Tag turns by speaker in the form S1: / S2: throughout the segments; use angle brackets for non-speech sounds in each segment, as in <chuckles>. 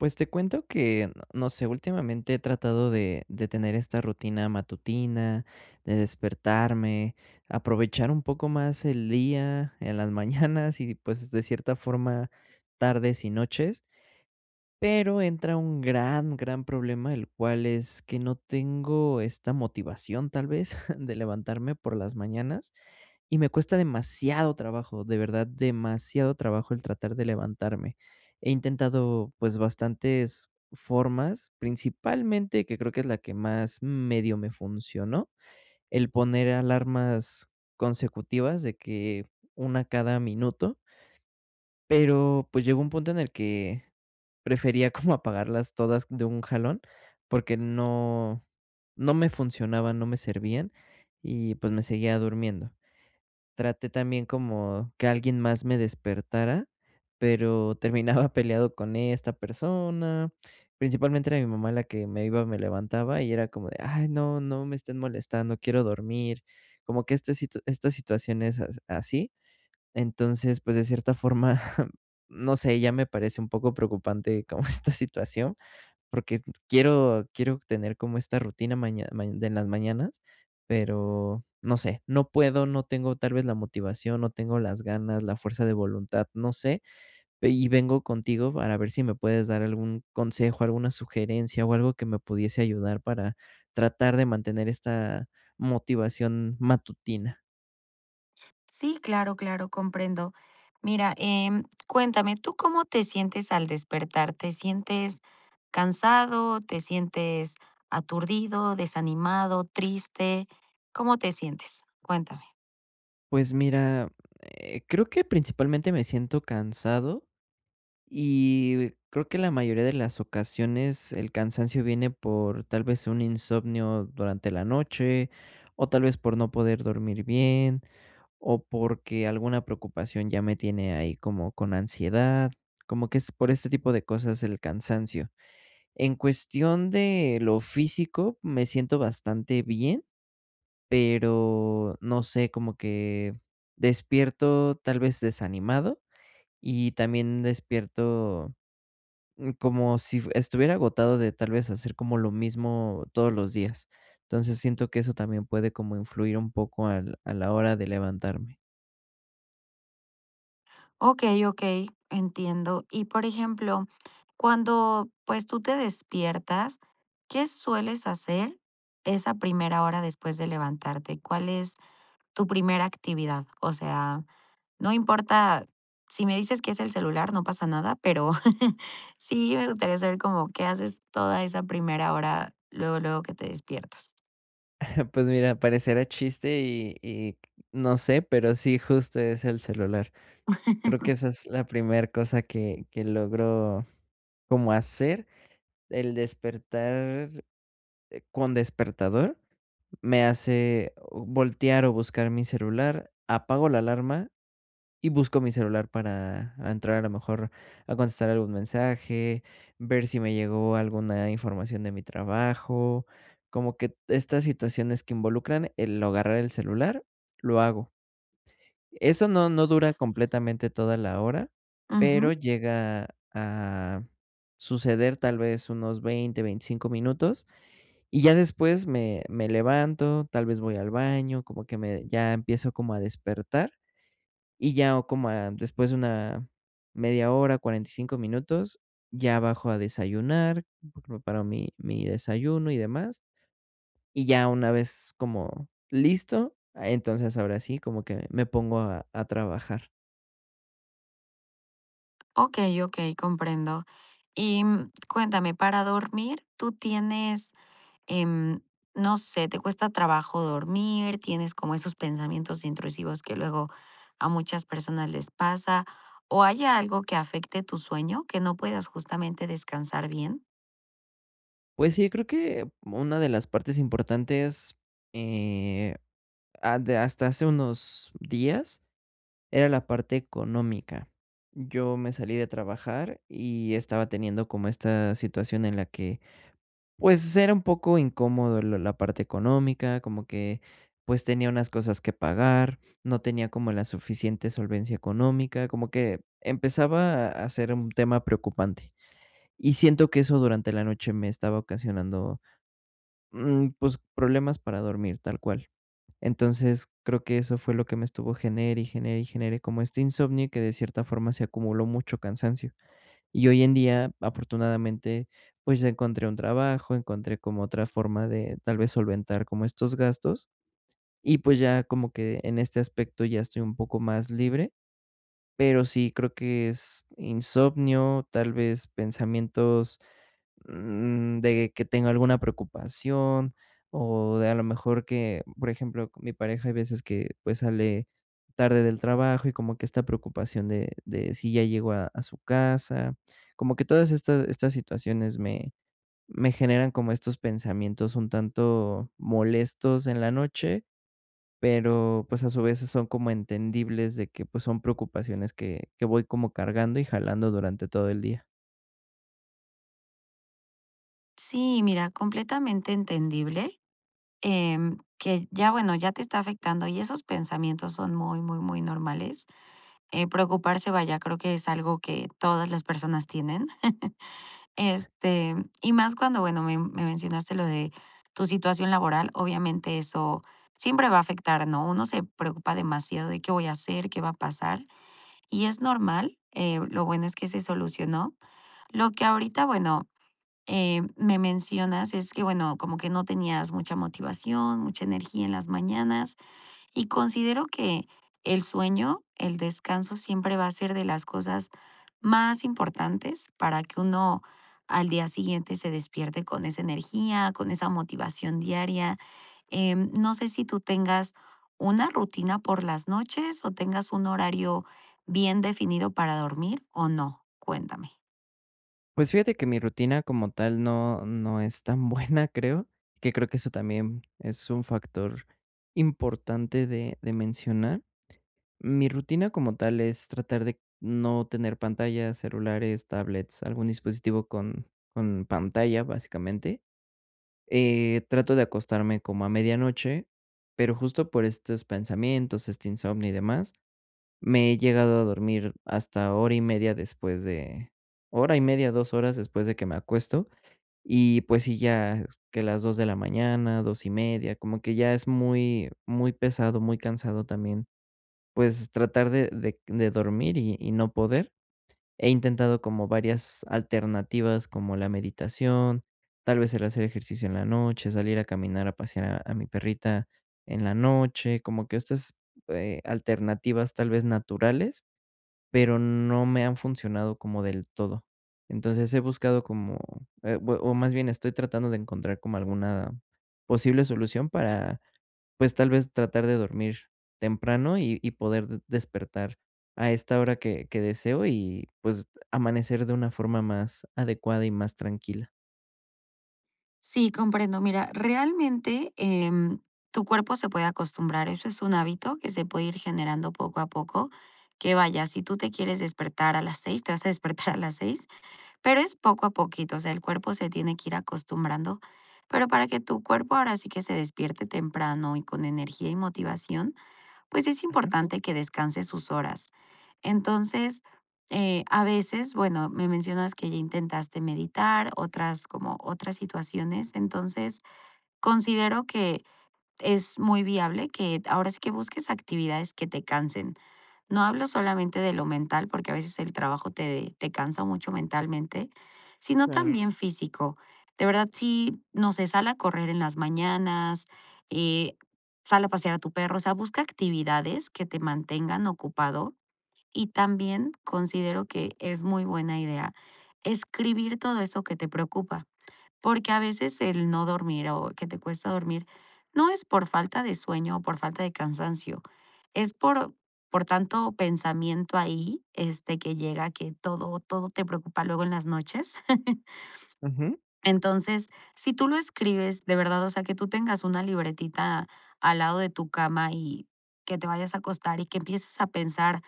S1: Pues te cuento que, no sé, últimamente he tratado de de tener esta rutina matutina, de despertarme, aprovechar un poco más el día, en las mañanas y, pues, de cierta forma, tardes y noches. Pero entra un gran, gran problema, el cual es, que no tengo esta motivación, tal vez, <chuckles> de levantarme por las mañanas, y me cuesta demasiado trabajo, de verdad, demasiado trabajo el tratar de levantarme. He intentado, pues, bastantes formas, principalmente, que creo que es la que más, medio me funcionó, el poner alarmas consecutivas de que, una cada minuto. Pero, pues llegó un punto en el que, prefería como apagarlas todas de un jalón, porque no no me funcionaban, no me servían y, pues me seguía durmiendo. Traté también como, que alguien más me despertara, pero terminaba peleado con esta persona. Principalmente, era mi mamá, la que me iba me levantaba, y era como de: "Ay, no, no me estén molestando, quiero dormir". Como que esta si esta situación e es así. Entonces, pues, de cierta forma, <chuckles> no sé. Ya me parece un poco preocupante como esta situación, porque t quiero quiero tener como esta rutina maña mañe de las mañanas, pero no sé. No puedo, no tengo tal vez la motivación, no tengo las ganas, la fuerza de voluntad, no sé. Ve y vengo contigo, para ver si me puedes dar algún consejo, alguna sugerencia o algo que me pudiese ayudar, para tratar de mantener esta motivación matutina.
S2: Sí, claro, claro, comprendo. Mira, em, cuéntame, ¿tú cómo te sientes al despertar? ¿Te sientes cansado, te sientes aturdido, desanimado, triste? ¿Cómo te sientes? Cuéntame.
S1: Pues, mira, eh, creo que, principalmente, me siento cansado, y creo que la mayoría de las ocasiones el cansancio viene por, tal vez, un insomnio durante la noche o, tal vez, por no poder dormir bien, o porque alguna preocupación ya me tiene ahí como con ansiedad, como que es por este tipo de cosas el cansancio. En cuestión de lo físico, me siento bastante bien, pero no sé, como que despierto tal vez desanimado, y también despierto, mm, como si f estuviera agotado, de tal vez hacer como lo mismo todos los días. Entonces, siento que eso también puede como influir un poco, al a la hora de levantarme.
S2: Okey, okey, entiendo. Y, por ejemplo, cuando, pues, tú te despiertas, ¿qué sueles hacer esa primera hora después de levantarte? ¿Cuál es tu primera actividad? O sea, no importa, si me dices que es el celular, no pasa nada, pero, <chuckles> sí me gustaría saber como qué haces toda esa primera hora luego, luego que te despiertas.
S1: <chuckles> Pues, mira, parecerá chiste y y no sé, pero sí, justo es el celular. Creo que
S2: <laughs>
S1: esa es la primer cosa que que logro como hacer. El despertar, eh, con despertador me hace voltear o buscar mi celular, apago la alarma y busco mi celular para entrar, a lo mejor, a contestar algún mensaje, ver si me llegó alguna información de mi trabajo. Como que t estas situaciones que involucran el agarrar el celular, lo hago. Eso no, no dura completamente toda la hora, pero
S2: Ujú.
S1: llega a suceder, tal vez, unos 20, 25 minutos, y ya después me me levanto, tal vez voy al baño, como que me ya empiezo como a despertar, y ya, o como a después de una media hora, 45 minutos, ya bajo a desayunar, pre preparo mi mi desayuno y demás, y ya, una vez como listo, ah, entonces ahora sí como que me pongo a a trabajar.
S2: Okey, okey, comprendo. Y, mm, cuéntame, para dormir, ¿tú tienes, em, no sé, te cuesta trabajo dormir, tienes como esos pensamientos intrusivos que luego a muchas personas les pasa o hay algo que afecte tu sueño, que no puedas justamente descansar bien?
S1: Pues sí, creo que una de las partes importantes, eh, ha de hasta hace unos días era la parte económica. Yo me salí de trabajar y estaba teniendo como esta situación en la que, pues, era un poco incómodo lo la parte económica, como que, pues, tenía unas cosas que pagar, no tenía como la suficiente solvencia económica, como que empezaba a ser un tema preocupante y siento que eso durante la noche me estaba ocasionando, mm, pues, problemas para dormir, tal cual. Entonces, creo que eso fue lo que me estuvo genere y genere y genere como este insomnio que, de cierta forma, se acumuló mucho cansancio. Y hoy en día, afortunadamente, pues, ya encontré un trabajo, encontré como otra forma de tal vez solventar como estos gastos y, pues, ya como que en este aspecto ya estoy un poco más libre, pero sí creo que es insomnio, tal vez pensamientos, mm, de que tengo alguna preocupación o de a la mejor que, b por ejemplo, mi pareja hay veces que, pues, sale tarde del trabajo y como que esta preocupación de de si ya llegó a a su casa. Como que todas estas estas situaciones me me generan como estos pensamientos un tanto molestos en la noche, pero, pues, a su vez, sí son como entendibles de que, pues, son preocupaciones que que voy como cargando y jalando durante todo el día.
S2: Sí, y mira, completamente entendible, em, que ya, bueno, ya te está afectando y esos pensamientos son muy, muy, muy normales. Eh, preocuparse, vaya, creo que es algo que todas las personas tienen, <chuckles> este, y más cuando, bueno, me me mencionaste lo de tu situación laboral, obviamente eso siempre va a afectar, ¿no?, uno se preocupa demasiado de, ¿qué voy a hacer?, ¿qué va a pasar?, y es normal, eh, lo bueno es que se solucionó. Lo que ahorita, bueno, em, me mencionas es que, bueno, como que no tenías mucha motivación, mucha energía en las mañanas, y considero que el sueño, el descanso siempre va a ser de las cosas más importantes para que uno al día siguiente se despierte con esa energía, con esa motivación diaria. Em, no sé si, tú tengas una rutina por las noches, o tengas un horario bien definido para dormir o no. Cuéntame.
S1: Pues, fíjate que mi rutina, como tal, no no es tan buena, creo, que creo que eso también es un factor importante de de mencionar. Mi rutina, como tal, es tratar de no tener pantallas, celulares, tablets, algún dispositivo con con pantalla, básicamente. Eh, trato de acostarme como a medianoche, pero justo por estos pensamientos, este insomnio y demás, me he llegado a dormir hasta hora y media después de hora y media, 2 horas después de que me acuesto, y pues sí, ya que las 2 de la mañana, 2 y media, como que ya es muy muy pesado, muy cansado también, pues, tratar de de de dormir y y no poder. He intentado como varias alternativas como la meditación, tal vez el hacer ejercicio en la noche, salir a caminar, a pasear a a mi perrita en la noche, como que estas, eh, alternativas, tal vez, naturales, pero no me han funcionado como del todo. Entonces, he buscado como, eh, o más bien estoy tratando de encontrar como alguna posible solución para, pues, tal vez tratar de dormir temprano, y y poder de despertar a esta hora que que deseo, y pues, amanecer de una forma más adecuada y más tranquila.
S2: Sí, comprendo. Mira, realmente, em, tu cuerpo se puede acostumbrar, eso es un hábito que se puede ir generando poco a poco, que vaya, si tú te quieres despertar a las 6, te vas a despertar a las 6, pero es poco a poquito, o sea, el cuerpo se tiene que ir acostumbrando. Pero para que tu cuerpo ahora sí que se despierte temprano, y con energía y motivación, pues, es
S1: Ujú.
S2: importante que descanses sus horas. Entonces, eh, a veces, bueno, me mencionas que ya intentaste meditar, otras como otras situaciones. Entonces, considero que es muy viable que, ahora sí, que busques actividades que te cansen. No hablo solamente de lo mental, porque a veces el trabajo te te cansa mucho mentalmente, sino
S1: Sí.
S2: también físico. De verdad, sí, no sé, sal a correr en las mañanas, eh, sal a pasear a tu perro, o sea, busca actividades que te mantengan ocupado. Y también considero que es muy buena idea escribir todo eso que te preocupa, porque a veces el no dormir o que te cuesta dormir no es por falta de sueño o por falta de cansancio, es por por tanto pensamiento ahí, este, que llega que todo todo te preocupa luego en las noches. <chuckles>
S1: Ujú.
S2: Entonces, si tú lo escribes de verdad, o sea, que tú tengas una libretita al lado de tu cama y que te vayas a acostar y que empieces a pensar,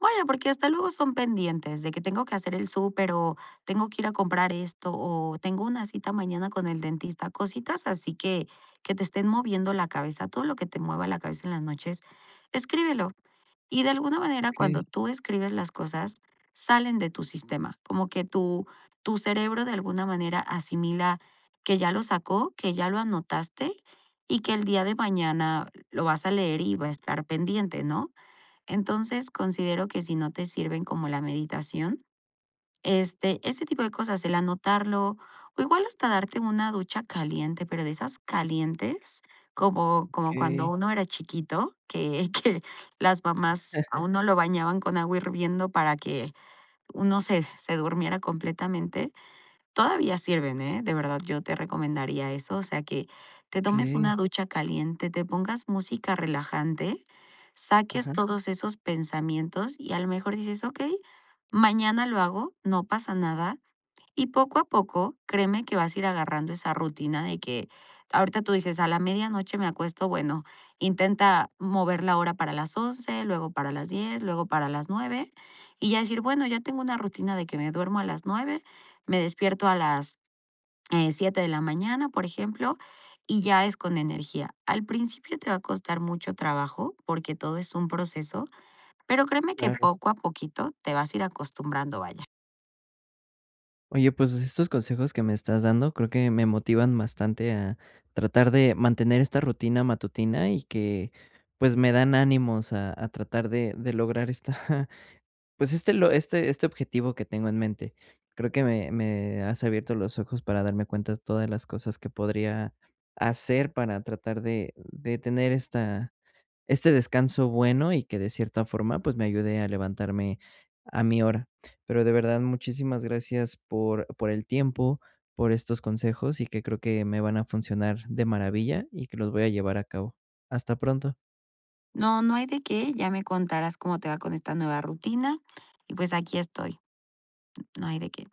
S2: vaya, porque hasta luego son pendientes, de que tengo que hacer el súper, o tengo que ir a comprar esto, o tengo una cita mañana con el dentista, cositas, así que que te estén moviendo la cabeza. Todo lo que te mueva la cabeza en las noches, escríbelo. Y de alguna manera,
S1: Okey.
S2: cuando tú escribes las cosas, salen de tu sistema. Como que tu tu cerebro de alguna manera asimila que ya lo sacó, que ya lo anotaste y que el día de mañana lo vas a leer, y va a estar pendiente, ¿no?, entonces, considero que si no te sirven como la meditación, este, ese tipo de cosas, el anotarlo, o igual hasta darte una ducha caliente, pero de esas calientes, como como cuando
S1: Okey.
S2: uno era chiquito, que que las mamás a
S1: <chuckles>
S2: uno lo bañaban con agua hirviendo para que uno se se durmiera completamente. Todavía sirven, eh, de verdad yo te recomendaría eso, o sea, que te tomes
S1: Okey.
S2: una ducha caliente, te pongas música relajante, saques
S1: Ajá.
S2: todos esos pensamientos, y a lo mejor dices: "Okey, mañana lo hago, no pasa nada". Y poco a poco, créeme que vas a ir agarrando esa rutina de que ahorita tú dices: "A la medianoche me acuesto", bueno, intenta mover la hora para las 11, luego para las 10, luego para las 9, y ya decir: "Bueno, ya tengo una rutina de que me duermo a las 9, me despierto a las, eh, 7 de la mañana", por ejemplo, y ya es con energía. Al principio te va a costar mucho trabajo porque todo es un proceso, pero créeme que
S1: Claro.
S2: poco a poquito te vas a ir acostumbrando, vaya.
S1: Oye, pues, estos consejos que me estás dando creo que me motivan bastante a tratar de mantener esta rutina matutina y que, pues, me dan ánimos a a tratar de de lograr esta, pues, este lo este este objetivo que tengo en mente. Creo que me me has abierto los ojos para darme cuenta de todas las cosas que podría hacer para tratar de de tener esta este descanso bueno, y que de cierta forma, pues, me ayude a levantarme a mi hora. Pero, de verdad, muchísimas gracias por por el tiempo, por estos consejos, y que creo que me van a funcionar de maravilla, y que los voy a llevar a cabo. Hasta pronto.
S2: No, no hay de qué, ya me contarás cómo te va con esta nueva rutina y, pues, aquí estoy. No hay de qué.